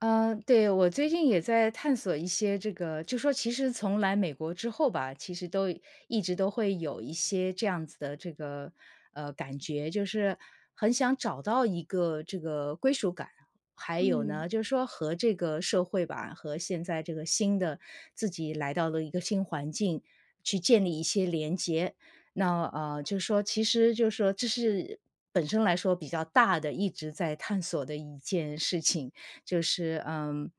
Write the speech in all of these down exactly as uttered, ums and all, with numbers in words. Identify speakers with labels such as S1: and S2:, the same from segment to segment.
S1: 呃，对，我最近也在探索一些这个就说其实从来美国之后吧，其实都一直都会有一些这样子的这个呃，感觉就是很想找到一个这个归属感。还有
S2: 嗯。
S1: 呢，就是说和这个社会吧，和现在这个新的自己来到了一个新环境，去建立一些连接。那呃，就说其实就说这是本身来说比较大的，一直在探索的一件事情，就是嗯，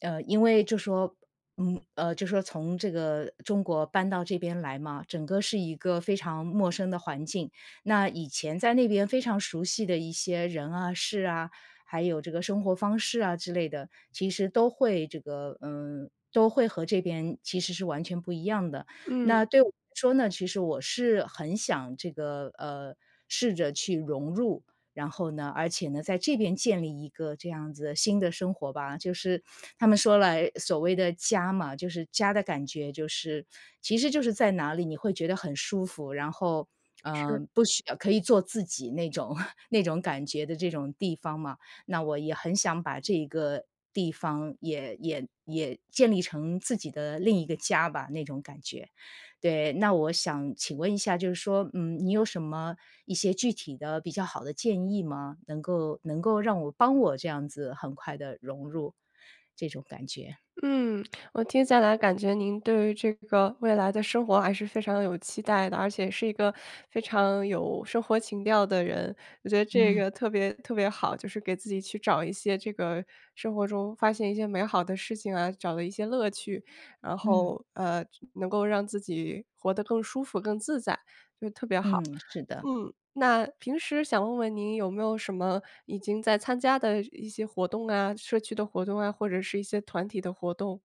S1: 呃，因为就说嗯，呃，就说从这个中国搬到这边来嘛，整个是一个非常陌生的环境。那以前在那边非常熟悉的一些人啊、事啊，还有这个生活方式啊之类的，其实都会这个嗯，都会和这边其实是完全不一样的。
S2: 嗯。
S1: 那对我来说呢，其实我是很想这个呃，试着去融入，然后呢而且呢，在这边建立一个这样子的新的生活吧，就是他们说了所谓的家嘛，就是家的感觉，就是其实就是在哪里，你会觉得很舒服，然后，呃，
S2: 是。
S1: 不需要可以做自己那种。那种感觉的这种地方嘛。那我也很想把这一个地方也也也建立成自己的另一个家吧，那种感觉。对，那我想请问一下，就是说，嗯，你有什么一些具体的比较好的建议吗？能够能够让我帮我这样子很快地融入这种感觉。
S2: 嗯，我听下来感觉您对于这个未来的生活还是非常地有期待的，而且是一个非常有生活情调的人，我觉得这
S1: 嗯。
S2: 个特别特别好，就是给自己去找一些这个生活中发现一些美好的事情啊，找了一些乐趣。然
S1: 嗯。
S2: 后，呃，能够让自己活得更舒服、更自在，就特别好。
S1: 嗯，是的。
S2: 嗯，那平时想问问您有没有什么已经在参加的一些活动啊？社区的活动啊？或者是一些团体的活动？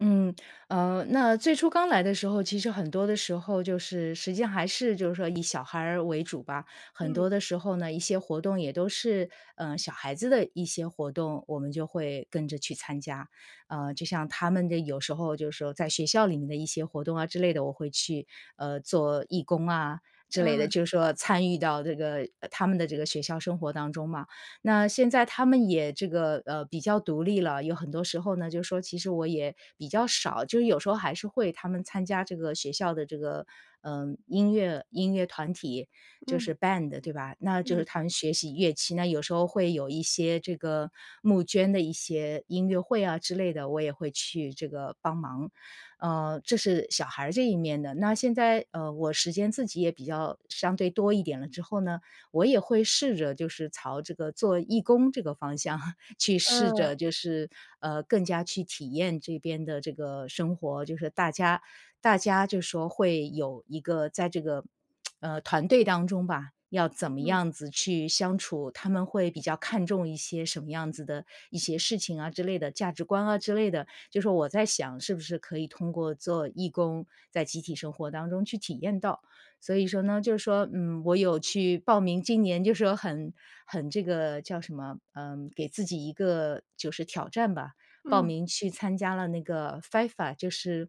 S1: 嗯，呃那最初刚来的时候，其实很多的时候就是实际上还是就是说以小孩儿为主吧。很
S2: 嗯。
S1: 多的时候呢，一些活动也都是，呃小孩子的一些活动，我们就会跟着去参加。呃就像他们的有时候就是说在学校里面的一些活动啊之类的，我会去，呃做义工啊之类的，
S2: 嗯。
S1: 就是说参与到这个他们的这个学校生活当中嘛。那现在他们也这个，呃比较独立了，有很多时候呢，就说其实我也比较少就是有时候还是会他们参加这个学校的这个，呃，音乐音乐团体，就
S2: 嗯。
S1: 是 band，对吧？那就是
S2: 嗯。
S1: 他们学习乐器，那有时候会有一些这个募捐的一些音乐会啊之类的，我也会去这个帮忙。呃这是小孩儿这一面的。那现在，呃，我时间自己也比较相对多一点了之后呢，我也会试着就是朝这个做义工这个方向，去试
S2: 嗯。
S1: 着就是，呃更加去体验这边的这个生活，就是大家大家就说会有一个在这个，呃，团队当中吧，要怎么
S2: 嗯。
S1: 样子去相处，他们会比较看重一些什么样子的，一些事情啊之类的，价值观啊之类的。就说我在想是不是可以通过做义工，在集体生活当中去体验到？所以说呢，就是说，嗯，我有去报名今年就是说很很这个叫什么，呃，给自己一个就是挑战吧，报
S2: 嗯。
S1: 名去参加了那个 FIFA，就是，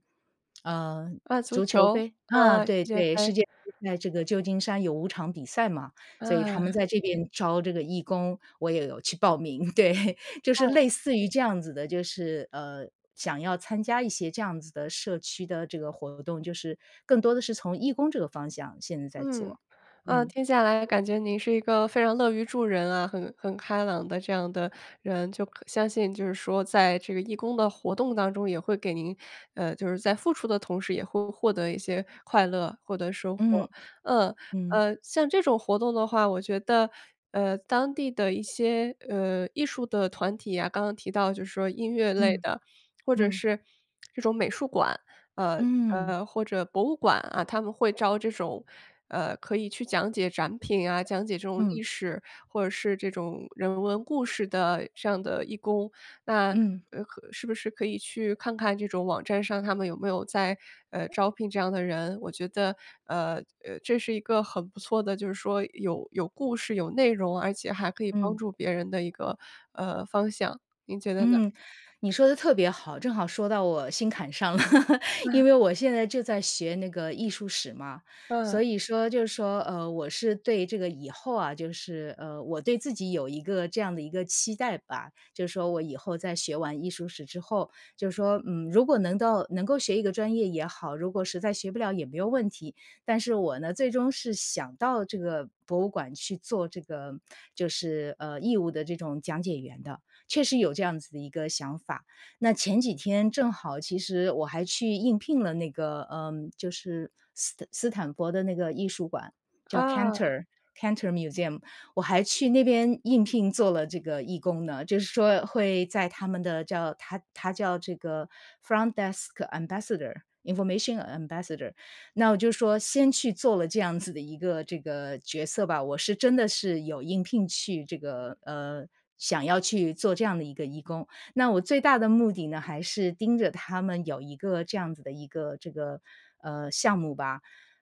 S1: 呃，
S2: 啊，足
S1: 足球
S2: 球，
S1: 杯啊，
S2: 呃，世
S1: 对
S2: 界
S1: 对，世
S2: 杯。
S1: 界杯在这个旧金山有五场比赛嘛，所以他们
S2: 嗯。
S1: 在这边招这个义工，我也有去报名。对，就是
S2: 嗯。
S1: 类似于这样子的，就是，呃，想要参加一些这样子的社区的这个活动，就是更多的是从义工这个方向，现在在
S2: 嗯，
S1: 做，
S2: 呃，
S1: 嗯。
S2: 听下来感觉您是一个非常乐于助人啊，很很开朗的这样的人。就可相信就是说在这个义工的活动当中，也会给您，呃，就是在付出的同时也会获得一些快乐获得收获。
S1: 嗯，
S2: 呃
S1: 嗯。
S2: 呃，像这种活动的话，我觉得，呃，当地的一些，呃，艺术的团体啊，刚刚提到就说音乐类
S1: 嗯，
S2: 的，或者
S1: 嗯。
S2: 是这种美术馆，呃
S1: 嗯。
S2: 呃，或者博物馆啊，他们会招这种，呃，可以去讲解展品啊，讲解这种
S1: 嗯。
S2: 历史或者是这种人文故事的这样的义工。那，
S1: 嗯。
S2: 呃和是不是可以去看看这种网站上他们有没有在，呃，招聘这样的人？我觉得，呃呃，这是一个很不错的，就是说有有故事、有内容，而且还可以帮
S1: 嗯。
S2: 助别人的一个，呃，方向，您觉得呢？
S1: 嗯，你说得特别好，正好说到我心坎上了。
S2: 嗯。
S1: 因为我现在就在学那个艺术史嘛，所
S2: 嗯。
S1: 以说，就是说，呃，我是对这个以后啊，就是，呃，我对自己有一个这样的一个期待吧，就是说我以后在学完艺术史之后就说，嗯，如果能到能够学一个专业也好，如果实在学不了也没有问题。但是我呢，最终是想到这个博物馆去做这个就是，呃，义务的这种讲解员的，确实有这样子的一个想法。那前几天正好其实我还去应聘了那个，呃，就是斯斯坦佛的那个艺术馆，叫
S2: 啊。
S1: Cantor Cantor Museum，我还去那边应聘做了这个义工呢。就是说会在他们的叫它它叫这个 front desk ambassador，information ambassador。那我就说先去做了这样子的一个这个角色吧，我是真的是有应聘去这个呃，想要去做这样的一个义工。那我最大的目的呢，还是盯着他们有一个这样子的一个这个，呃，项目吧，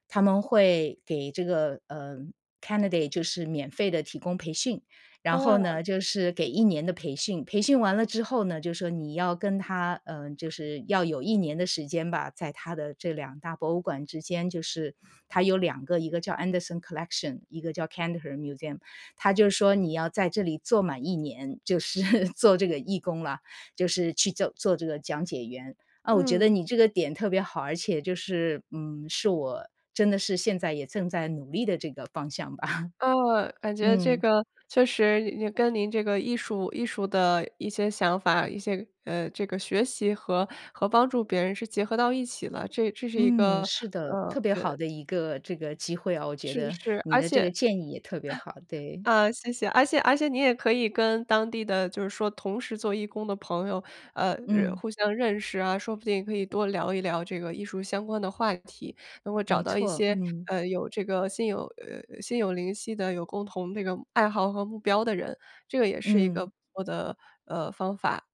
S1: 他们会给这个，呃，candidate 就是免费地提供培训。然后
S2: 啊。
S1: 呢，就是给一年的培训，培训完了之后呢，就说你要跟它，呃，就是要有一年的时间吧，在它的这两大博物馆之间，就是它有两个，一个叫 Anderson Collection，一个叫 Cantor Museum。它就是说你要在这里做满一年，就是做这个义工了，就是去做做这个讲解员。啊，我觉得
S2: 嗯。
S1: 你这个点特别好，而且就是，嗯，是我真的是现在也正在努力的这个方向吧。
S2: 啊，感觉这
S1: 嗯。
S2: 个确实跟您这个艺术艺术的一些想法，一些，呃，这个学习和和帮助别人是结合到一起了，这这是一
S1: 嗯，
S2: 个，
S1: 是的，
S2: 呃，
S1: 特
S2: 我
S1: 别
S2: 觉
S1: 好
S2: 得
S1: 的一个这个机会啊，我觉
S2: 是
S1: 得
S2: 是，
S1: 你
S2: 而
S1: 的这
S2: 且
S1: 个 建议也特别好，对。
S2: 啊，谢谢，而且而且你也可以跟当地的就是说同时做义工的朋友，呃，认
S1: 嗯。
S2: 互相认识啊，说不定可以多聊一聊这个艺术相关的话题，能够找
S1: 没
S2: 到一
S1: 错，
S2: 些，
S1: 嗯。
S2: 呃，有这个心有呃呃，心有灵犀的有共同这个爱好和目标的人，这个也是一个
S1: 嗯。
S2: 不错的，呃，方法。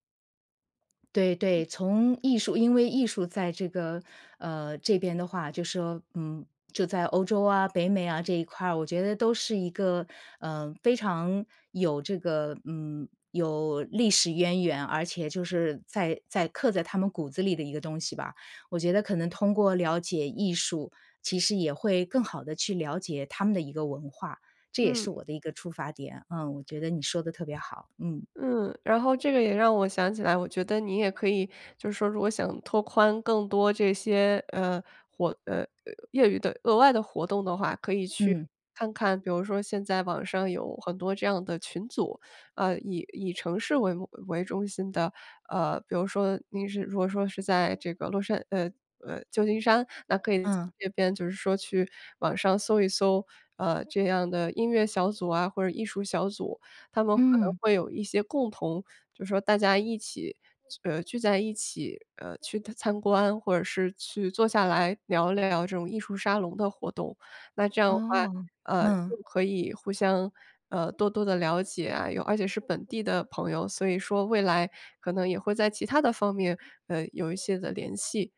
S1: 对
S2: 嗯。
S1: 对，从艺术因为艺术在这个，呃，这边的话就说，嗯，就在欧洲啊，北美啊这一块儿，我觉得都是一个，呃，非常，有这个，嗯，有历史渊源。而且就是在在刻在他们骨子里的一个东西吧。我觉得可能通过了解艺术，其实也会更好地去了解他们的一个文化，这也
S2: 嗯。
S1: 是我的一个出发点。嗯，我觉得你说得特别好，嗯。
S2: 嗯，然后这个也让我想起来，我觉得你也可以，就是说如果想拓宽更多这些，呃，活呃，业余的额外的活动的话，可以去，
S1: 嗯。
S2: 看看，比如说现在网上有很多这样的群组，呃，以以城市为目为中心的。呃，比如说您是如果说是在这个洛杉呃呃，旧金山，那可以在
S1: 嗯。
S2: 这边就是说去网上搜一搜，呃，这样的音乐小组啊或者艺术小组。他们可能
S1: 嗯。
S2: 会有一些共同，就说大家一起聚呃，聚在一起，呃，去参观或者是去坐下来聊聊这种艺术沙龙的活动。那这样的话，
S1: 哦，
S2: 呃，就
S1: 嗯。
S2: 可以互相，呃，多多地了解啊，有而且是本地的朋友，所以说未来可能也会在其他的方面，呃，有一些的联系。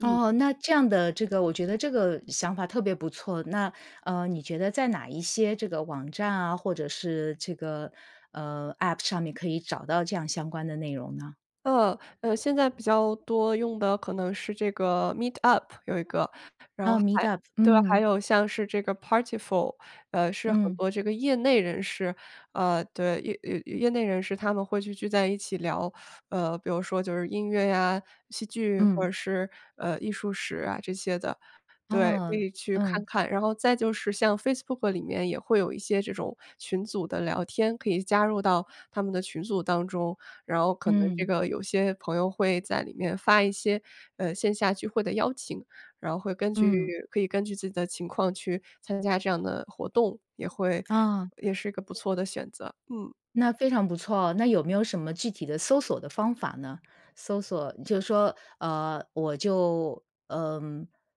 S2: 嗯。
S1: 哦，那这样的这个我觉得这个想法特别不错。那，呃，你觉得在哪一些这个网站啊，或者是这个，呃，App 上面可以找到这样相关的内容呢？
S2: 呃呃，现在比较多用的可能是这个 Meetup，有一个。然后
S1: 哦
S2: 还
S1: ，Meetup，
S2: 对，还
S1: 嗯。
S2: 有像是这个 Partiful，呃，是很
S1: 嗯。
S2: 多这个业内人士，呃，对，业业业内人士他们会去聚在一起聊，呃，比如说就是音乐呀，戏剧或
S1: 嗯。
S2: 者是，呃，艺术史啊这些的。对，可
S1: 哦，
S2: 以去看
S1: 嗯。
S2: 看。然后再就是像 Facebook 里面也会有一些这种群组的聊天，可以加入到他们的群组当中。然后可能这
S1: 嗯。
S2: 个有些朋友会在里面发一些，呃，线下聚会的邀请，然后会根据
S1: 嗯。
S2: 可以根据自己的情况去参加这样的活动，也会
S1: 哦。
S2: 也是一个不错的选择。嗯。
S1: 那非常不错，那有没有什么具体的搜索的方法呢？搜索就是说，呃，我就，呃，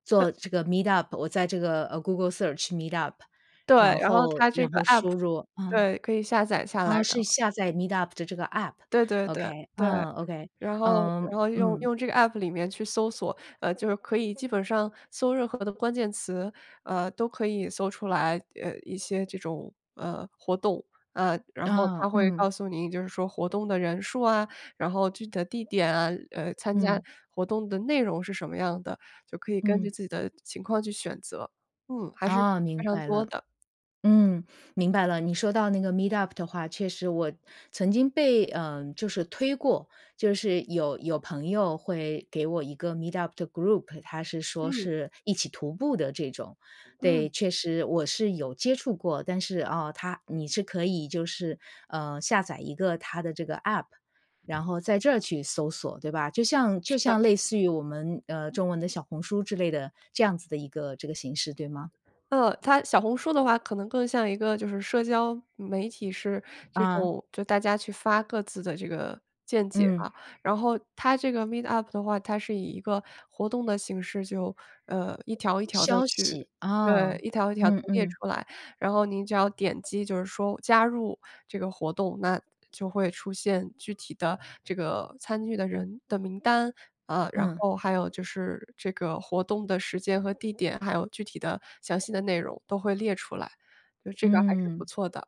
S1: 做
S2: 对。
S1: 这个 Meetup，我在这个，呃，Google search Meetup，
S2: 对，
S1: 然
S2: 然后
S1: 后
S2: 它这
S1: 然
S2: 个
S1: 后
S2: App，
S1: 输入嗯，
S2: 对，可以下载下来，
S1: 哦，
S2: 然
S1: 是
S2: 后
S1: 下载 Meetup 的这个
S2: 对对对，
S1: App，Ok，
S2: 对。
S1: 啊，Ok，
S2: 然后
S1: 嗯
S2: 然后，用
S1: 嗯。
S2: 用这个 App 里面去搜索，呃，就是可以基本上搜任何的关键词，呃，都可以搜出来，呃，一些这种，呃，活动。呃，然后
S1: 嗯
S2: 它会
S1: 嗯。
S2: 告诉你就是说活动的人数啊，然后具体的地点啊，呃，参加
S1: 嗯。
S2: 活动的内容是什么样的，就可以根
S1: 嗯。
S2: 据自己的情况去选择。嗯，还是
S1: 哦，明
S2: 非常
S1: 白
S2: 多
S1: 了。
S2: 的。
S1: 嗯，明白了。你说到那个 Meetup 的话，确实我，曾经被，呃，就是推过。就是有有朋友会给我一个 Meetup 的 group，他是说
S2: 嗯。
S1: 是一起徒步的这种。
S2: 嗯。
S1: 对，确实我是有接触过。但是，啊，它你是可以就是，呃，下载一个它的这个 App，然后在这儿去搜索，对吧？就像就
S2: 是的。
S1: 像类似于我们，呃，中文的小红书之类的，这样子的一个这个形式，对吗？
S2: 呃，它小红书的话可能更像一个就是社交，媒体是，这
S1: 啊。
S2: 种就大家去发各自的这个，见解
S1: 嗯。
S2: 啊。然后它这个 Meetup 的话，它是以一个活动的形式，就，呃，一条一条地
S1: 消
S2: 去，
S1: 息，
S2: 对，
S1: 哦，
S2: 一条一条地
S1: 嗯
S2: 列
S1: 嗯。
S2: 出来。然后您只要点击就是说加入这个活动，那就会出现具体的这个参与的人的名单。呃，然
S1: 嗯。
S2: 后还有就是这个活动的时间和地点，还有具体的、详细的内容都会列出来，就这个还是不
S1: 嗯。
S2: 错的。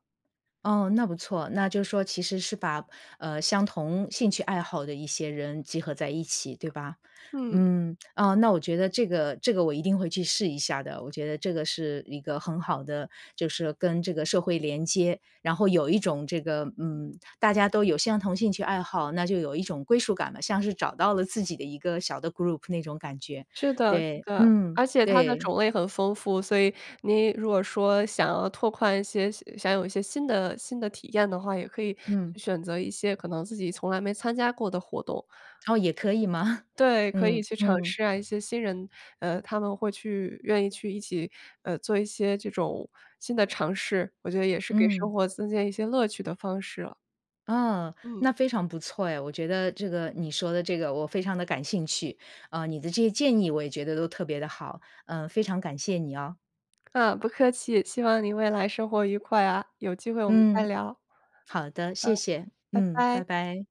S1: 哦，那不错。那就是说其实是把，呃，相同兴趣爱好的一些人集合在一起，对吧？
S2: 嗯。
S1: 嗯，啊，那我觉得这个这个我一定会去试一下的。我觉得这个是一个很好的，就是跟这个社会连接。然后有一种这个，嗯，大家都有相同兴趣爱好，那就有一种归属感了，像是找到了自己的一个小的 group 那种感觉，
S2: 是的是
S1: 对，
S2: 的，
S1: 嗯，
S2: 而且它的
S1: 对。
S2: 种类很丰富。所以，您如果说想要拓宽一些想有一些新的新的体验的话，也可以
S1: 嗯。
S2: 选择一些可能自己从来没参加过的活动。
S1: 哦，也可以吗？
S2: 对，可以
S1: 嗯
S2: 去尝
S1: 嗯。
S2: 试啊，一些新人，呃，他们会去愿意去一起，呃，做一些这种新的尝试。我觉得也是给
S1: 嗯。
S2: 生活增添一些乐趣的方式啊。
S1: 嗯，
S2: 嗯。
S1: 那非常不错哎。我觉得这个你说的这个我非常地感兴趣，呃，你的这些建议我也觉得都特别地好。呃，非常感谢你哦。
S2: 啊，不客气，希望您未来生活愉快啊，有机会我们再
S1: 嗯。
S2: 聊。
S1: 好的，
S2: 嗯，
S1: 谢谢，
S2: 拜
S1: 嗯，拜
S2: 拜。
S1: 拜。